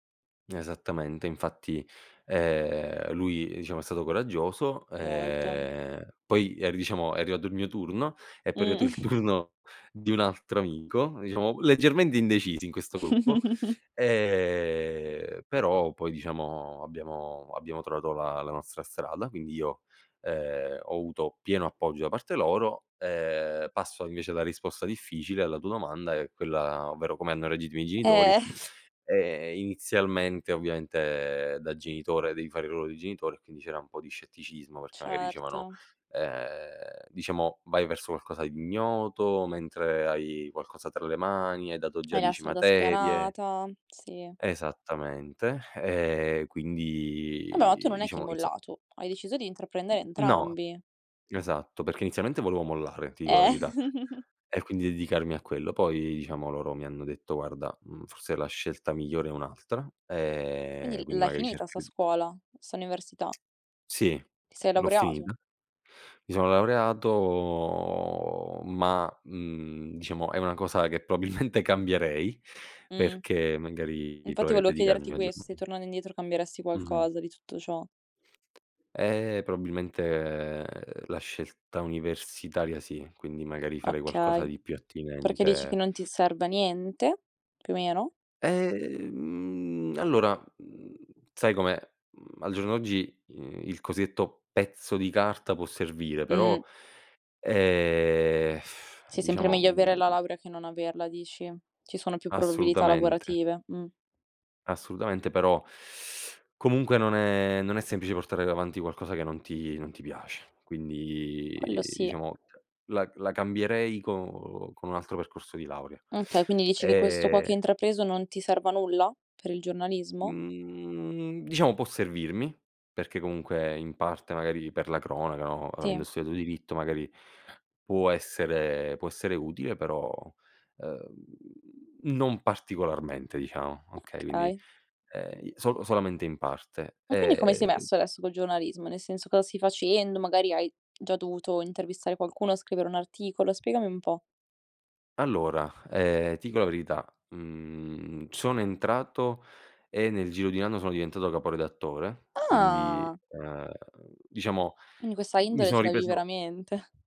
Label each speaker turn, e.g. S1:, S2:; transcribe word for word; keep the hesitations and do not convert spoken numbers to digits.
S1: N esattamente, infatti, ehm, lui diciamo è stato coraggioso,
S2: Molto.
S1: ehm, poi ri diciamo è arrivato il mio turno, è poi
S2: Mh.
S1: arrivato il turno di un altro amico diciamo leggermente indecisi in questo gruppo; ehm, però poi diciamo abbiamo abbiamo trovato la la nostra strada, quindi io, ehm, ho avuto pieno appoggio da parte loro. Ehm, passo invece alla risposta difficile alla tua domanda, è quella, ovvero, come hanno reagito i miei genitori,
S2: Eh.
S1: ehm, inizialmente, ovviamente da genitore, devi fare il ruolo di genitore, e quindi c'era un po' di scetticismo, perché magari dicevano,
S2: Certo.
S1: uhm, diciamo: "Vai verso qualcosa di ignoto, mentre hai qualcosa tra le mani, hai dato già
S2: Hai la
S1: dieci
S2: strada
S1: materie"
S2: spianata, sì.
S1: Esattamente, ehm,
S2: Vabbè, tu
S1: quindi
S2: non è chi
S1: diciamo izo
S2: mollato. Hai deciso di intraprendere
S1: No.
S2: entrambi.
S1: Esatto, perché inizialmente volevo mollare, ti dico la
S2: Eh.
S1: verità, e quindi dedicarmi a quello, poi diciamo loro mi hanno detto: "Guarda, mhmm, forse la scelta migliore è un'altra,
S2: Quindi
S1: ehm,
S2: l
S1: quindi
S2: l'hai
S1: magari
S2: finita 'sta
S1: cercare di"
S2: scuola, 'sta università?
S1: Sì,
S2: Ti sei
S1: l'ho
S2: laureato?
S1: finita. Mi sono laureato, ma, mhmm, diciamo è una cosa che probabilmente cambierei,
S2: Mh.
S1: perché magari
S2: Infatti
S1: proverei a
S2: volevo
S1: dedicarmi
S2: chiederti
S1: maggior
S2: questo, se
S1: manie
S2: tornando indietro cambieresti
S1: Mh-mh.
S2: qualcosa di tutto ciò.
S1: Eh, probabilmente la scelta universitaria sì, quindi magari farei qualcosa
S2: Okay,
S1: di più
S2: perché dici che
S1: attinente
S2: non ti serva a niente, più o meno?
S1: Ehm mhmm, allora, mhmm, sai com'è, mhmm, al giorno d'oggi, i il cosiddetto: pezzo di carta può servire, però
S2: Mh.
S1: ehm,
S2: Sì, sempre
S1: diciamo,
S2: meglio
S1: mhmm
S2: avere la laurea che non averla, dici? Ci sono più probabilità
S1: Assolutamente.
S2: lavorative. Mh.
S1: Assolutamente, però comunque non è non è semplice portare davanti qualcosa che non ti non ti piace, quindi,
S2: Quello sì.
S1: diciamo, ceh, la la cambierei con con un altro percorso di laurea.
S2: Okay, quindi dici che, questo qua
S1: E
S2: che hai intrapreso, non ti serva a nulla per il giornalismo?
S1: Mhmm, diciamo può servirmi, perché comunque in parte, magari, per la cronaca, no,
S2: Tì.
S1: avendo studiato diritto, magari può essere può essere utile però, ehm, non particolarmente diciamo, okay, quindi,
S2: Okay.
S1: ehm, i solo solamente in parte.
S2: E quindi come sei
S1: Ehm
S2: messo adesso col giornalismo? Nel senso, cosa stai facendo? Magari hai già dovuto intervistare qualcuno, scrivere un articolo? Spiegami un po'.
S1: Allora, ehm, ti dico la verità, mhmm, sono entrato, e nel giro di un anno sono diventato capo redattore, quindi,
S2: Ah.
S1: uhm, diciamo,
S2: Quindi questa
S1: mi
S2: indole
S1: sono
S2: ce l'avevi
S1: ripreso
S2: veramente.